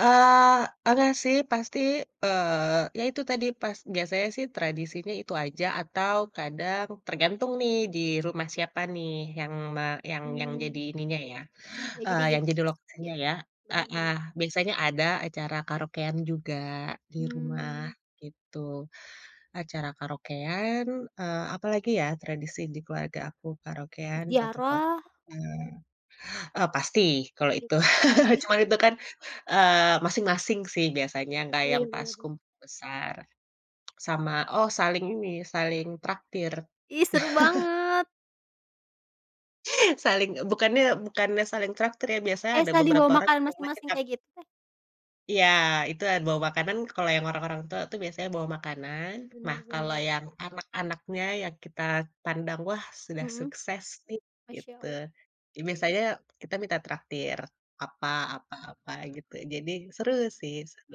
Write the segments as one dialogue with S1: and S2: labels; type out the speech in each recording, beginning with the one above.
S1: Eee, pernah sih pasti, eee, ya itu tadi pas biasanya sih tradisinya itu aja atau kadang tergantung nih di rumah siapa nih yang me yang yang jadi
S2: Mmm.
S1: ininya ya,
S2: Ya jadi
S1: eee, yang
S2: gitu.
S1: jadi
S2: Ya,
S1: lokasinya ya.
S2: benar
S1: Heeh.
S2: benar.
S1: Biasanya ada acara karaokean juga di rumah
S2: Mmm.
S1: gitu. Acara karaokean, eee, apa lagi ya tradisi di keluarga aku, karaokean, foto-foto,
S2: Ziarah.
S1: eee, oh, pasti kalau
S2: Its
S1: itu.
S2: heeh.
S1: Cuman itu kan, eee, masing-masing sih biasanya, enggak yang
S2: Iya
S1: pas
S2: bener bener.
S1: kumpul besar. Sama oh saling ini, saling traktir.
S2: Ih, seru banget.
S1: Saling eee, bukannya bukannya saling traktir ya. Biasanya
S2: Kayak
S1: ada
S2: saling
S1: beberapa
S2: bawa
S1: orang
S2: makanan
S1: yang memang
S2: masing-masing
S1: kita
S2: kayak gitu?
S1: Iya itu ada bawa makanan. Kalau yang orang-orang tua tuh biasanya bawa makanan. Nah,
S2: Benar
S1: kalau
S2: benar.
S1: yang anak-anaknya yang kita pandang, "Wah, sudah
S2: Mhm.
S1: sukses nih," gitu,
S2: Masyaallah.
S1: ya biasanya kita minta traktir apa apa apa gitu. Jadi seru
S2: I
S1: sih, seru,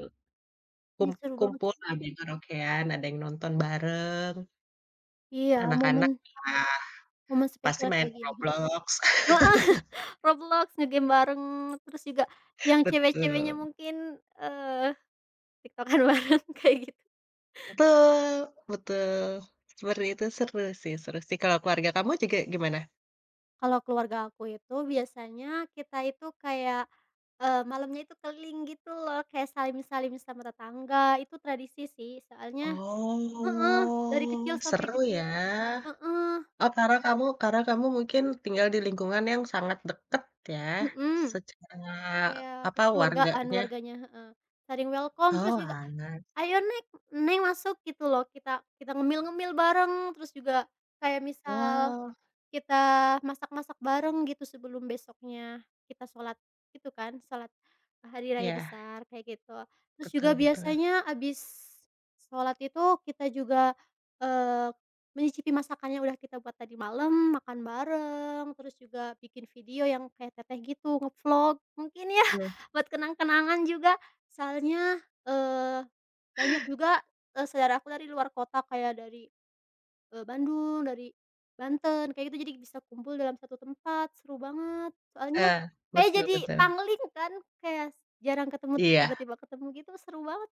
S1: kum
S2: Ih, seru banget.
S1: kumpul ada yang karaokean, ada yang nonton bareng.
S2: Iya
S1: Anak-anak,
S2: momen
S1: iya,
S2: Momen
S1: pasti
S2: spesial
S1: main
S2: kayak gini, mhm.
S1: Roblox.
S2: Heeh. Roblox nge-game bareng, terus juga yang cewek-ceweknya
S1: Betul.
S2: mungkin, eee, TikTok-an bareng kayak gitu.
S1: Betul, betul. Seperti itu seru sih seru sih. Kalau keluarga kamu juga gimana?
S2: Kalau keluarga aku itu biasanya kita itu kayak, eee, malamnya itu keliling gitu loh, kayak salim-salim sama tetangga, itu tradisi sih soalnya heeh, dari kecil
S1: Oh,
S2: sampai
S1: seru
S2: gede.
S1: ya.
S2: Heeh.
S1: Oh, karena kamu karena kamu mungkin tinggal di lingkungan yang sangat dekat ya
S2: Mhm,
S1: secara
S2: kayak
S1: apa,
S2: kekeluargaan
S1: warganya.
S2: warganya heeh, saling welcome, terus
S1: Oh,
S2: juga,
S1: anak.
S2: "Ayo Neg. Neng masuk gitu loh kita kita ngemil-ngemil bareng." Terus juga kayak misal
S1: Wow.
S2: kita masak-masak bareng gitu sebelum besoknya kita sholat itu kan, sholat hari raya
S1: Iya.
S2: besar kayak gitu. Terus juga
S1: Betul betul.
S2: biasanya abis sholat itu kita juga, eee, menyicipi masakan yang udah kita buat tadi malam, makan bareng terus juga bikin video yang kayak teteh gitu, nge-vlog mungkin ya
S1: Iya.
S2: buat kenang-kenangan juga soalnya, eee, banyak juga, eee, saudaraku dari luar kota kayak dari, eee, Bandung, dari Banten kayak gitu. Jadi bisa kumpul dalam satu tempat seru banget soalnya,
S1: Ya,
S2: kayak
S1: betul
S2: jadi
S1: betul.
S2: pangling kan kayak jarang ketemu terus
S1: Iya.
S2: tiba-tiba ketemu gitu seru banget.